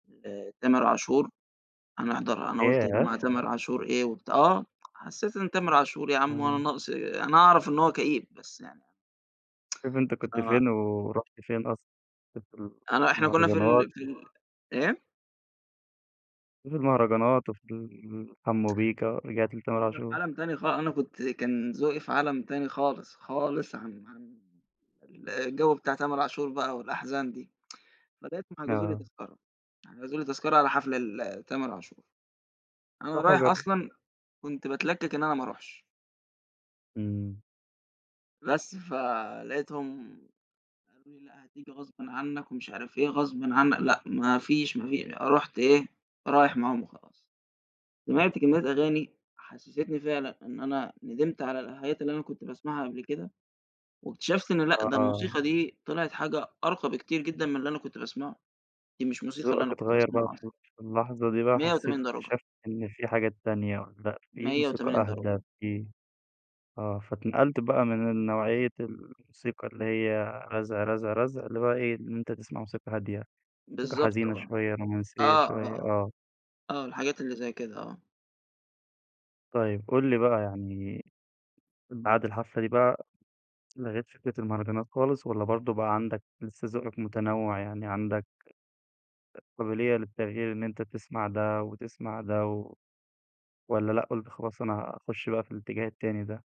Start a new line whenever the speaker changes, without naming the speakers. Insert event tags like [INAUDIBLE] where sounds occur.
لتامر عاشور، هنحضر أنا قلت
ياه!
ما تامر عاشور إيه و بتاع آه حسيت إن تامر عاشور يا عم هو أنا
امم.
ناقص أنا أعرف إن هو كئيب، بس يعني أنا،
شوف أنت
[TSK]
كنت
فما
فين ورحت فين أصلًا. كنت في
أنا إحنا كنا في
المهرجانات
ال في
امم.
ال إيه؟
[UNINTELLIGIBLE] ،في المهرجانات وفي ال حمو بيكا، رجعت لتامر
كنا في
عاشور.
عالم تاني خا أنا كنت كان ذوقي في عالم تاني خالص، خالص عن عن الجو بتاع تامر عاشور بقى والأحزان دي. [TSK] لغاية ما حجزوا لي
آه.
تذكرة، حجزوا لي تذكرة على حفلة لتامر عاشور. أنا
روح و
رايح
جرب.
أصلًا كنت باتلكك إن أنا ما أروحش.
امم.
بس، فلقيتهم قالوا لي: "لأ، هتيجي غصبٍ عنك ومش عارف إيه، غصبٍ عن" لأ، ما فيش ما في رُحت إيه، رايح معاهم وخلاص. سِمعت كمية أغاني، حسستني فعلًا إن أنا ندمت على الحاجات اللي أنا كنت باسمعها قبل كده. واكتشفت إنه لأ، ده
آه.
الموسيقى دي طلعت حاجة أرقى بكتير جدًا من اللي أنا كنت باسمعه، دي مش موسيقى اللي
ذوقك
أنا كنت
اتغير بقى،
بأسمعها أصلًا.
[UNINTELLIGIBLE] في اللحظة دي بقى
مية
حسيت
وتمانين درجة.
اكتشفت إن في حاجات تانية والّا فيه
مية
موسيقى
وتمانين
أهدى
درجة.
فيه آه، فاتنقلت بقى من النوعية الموسيقى اللي هي رزع، رزع، رزع اللي هو إيه؟ لإن أنت تسمع موسيقى هادية، موسيقى
بالضبط
حزينة
آه.
شوية، رومانسية
آه، آه،
شوية،
آه.
آه.
آه الحاجات اللي زي كده، آه.
طيب، قل لي بقى يعني بعد الحفلة دي بقى لغيت فكرة المهرجانات خالص والّا برضو بقى عندك لسه ذوقك متنوع يعني عندك أ قابلية للتغيير إن أنت تسمع ده وتسمع ده، و والّا لأ، قلت خلاص أنا هاخش بقى في الاتجاه التاني ده؟